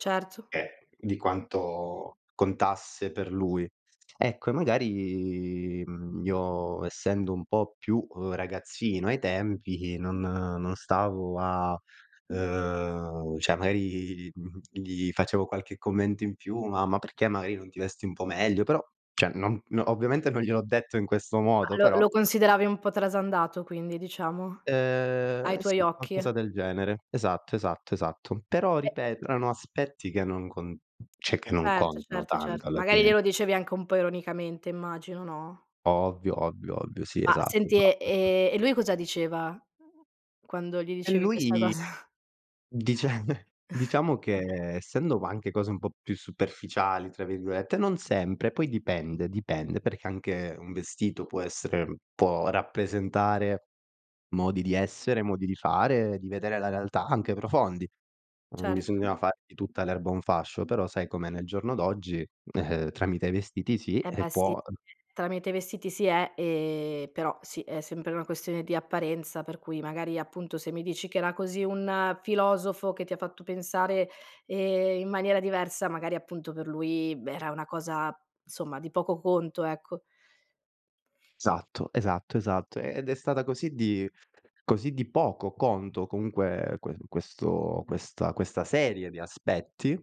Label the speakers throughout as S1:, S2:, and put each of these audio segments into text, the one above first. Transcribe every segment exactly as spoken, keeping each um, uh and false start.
S1: Certo.
S2: Eh, di quanto contasse per lui. Ecco e magari, mhmm, io essendo un po' più ragazzino ai tempi non non stavo a ehm, ceh magari, mhmm, gli facevo qualche commento in più: "Ma ma perché magari non ti vesti un po' meglio?" Però ceh non ovviamente non gliel'ho detto in questo
S1: Ma
S2: modo,
S1: lo
S2: però.
S1: lo consideravi un po' trasandato quindi, diciamo? Ai
S2: Ehm,
S1: tuoi
S2: sì, qualcosa
S1: occhi?
S2: del genere. Esatto, esatto, esatto. Però
S1: Eh
S2: ripeto erano aspetti che non cont ceh non
S1: Certo,
S2: contano
S1: certo,
S2: tanto
S1: certo.
S2: alla
S1: Magari
S2: fine.
S1: glielo dicevi anche un po' ironicamente immagino, no?
S2: Ovvio, ovvio, ovvio, sì,
S1: Ma
S2: esatto
S1: senti, e
S2: esatto [unintelligible]
S1: e e lui cosa diceva quando gli
S2: E
S1: dicevi questa
S2: lui
S1: cosa?
S2: dice diciamo che, essendo anche cose un po' più "superficiali" tra virgolette, non sempre, poi dipende dipende, perché anche un vestito può essere può rappresentare modi di essere, modi di fare, di vedere la realtà anche profondi. Non
S1: Certo.
S2: bisognava fare di tutta l'erba un fascio, però sai com'è nel giorno d'oggi, ehm, tramite i vestiti sì,
S1: Eh beh sì,
S2: può eh
S1: tramite i vestiti si è ehm però sì, è sempre una questione di apparenza, per cui magari appunto se mi dici, che era così un filosofo, che ti ha fatto pensare, ehm, in maniera diversa, magari appunto, per lui, b era una cosa insomma di poco conto, ecco.
S2: esatto, esatto, esatto. Ed è stata così di così di poco conto comunque que questo questa questa serie di aspetti,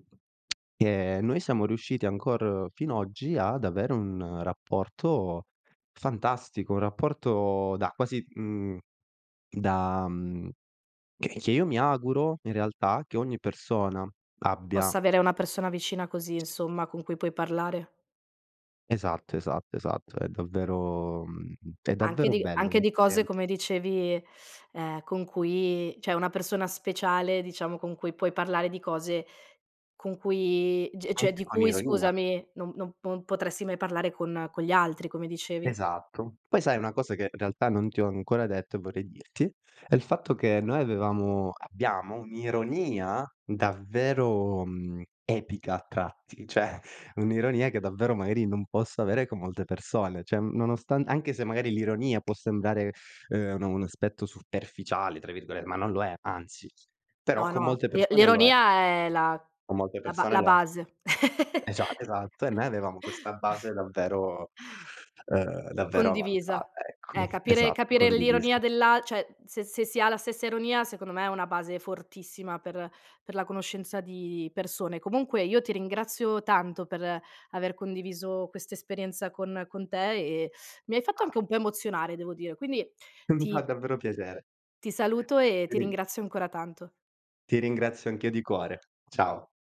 S2: che noi siamo riusciti ancor fin oggi ad avere un rapporto fantastico, un rapporto da quasi, mhmm, da mhmm, che che io mi auguro in realtà che ogni persona abbia.
S1: Possa avere una persona vicina così, insomma, con cui puoi parlare.
S2: Esatto, esatto, esatto, è davvero mhmm, è
S1: Anche
S2: davvero
S1: di
S2: bello
S1: anche di
S2: mettere
S1: cose, come dicevi, ehm, con cui ceh, una persona speciale, diciamo, con cui puoi parlare di cose, con cui g cioè,
S2: Anche
S1: di
S2: con
S1: cui,
S2: ironia.
S1: scusami, non non p non potresti mai parlare con con gli altri, come dicevi.
S2: Esatto. Poi sai una cosa che in realtà non ti ho ancora detto e vorrei dirti, è il fatto che noi avevamo abbiamo un'ironia davvero, mhmm, epica a tratti, ceh un'ironia, che davvero, magari non posso avere con molte persone, ceh nonostante anche se magari l'ironia, può sembrare ehm, un un aspetto "superficiale" tra virgole ma non lo è, anzi. Però
S1: No,
S2: con
S1: no,
S2: molte
S1: l'i
S2: persone lo è.
S1: l'ironia è la
S2: Con molte
S1: la ba
S2: persone
S1: la
S2: lo è.
S1: base.
S2: Esa esatto, e noi avevamo questa base davvero ehm, davvero
S1: Condivisa.
S2: avanzata,
S1: Eh,
S2: eccomi.
S1: capire
S2: Esatto,
S1: capire l'ironia
S2: condiviso.
S1: dell'al ceh, se se si ha la stessa ironia, secondo me è una base fortissima per per la conoscenza di persone. Comunque, io ti ringrazio tanto per aver condiviso questa esperienza con con te, e mi hai fatto anche
S2: Ah.
S1: un po' emozionare devo dire. Quindi
S2: E mi fa
S1: ti
S2: davvero piacere.
S1: ti saluto e
S2: Ti
S1: ti
S2: ri
S1: ringrazio ancora tanto.
S2: ti ringrazio anch'io di cuore. Ciao.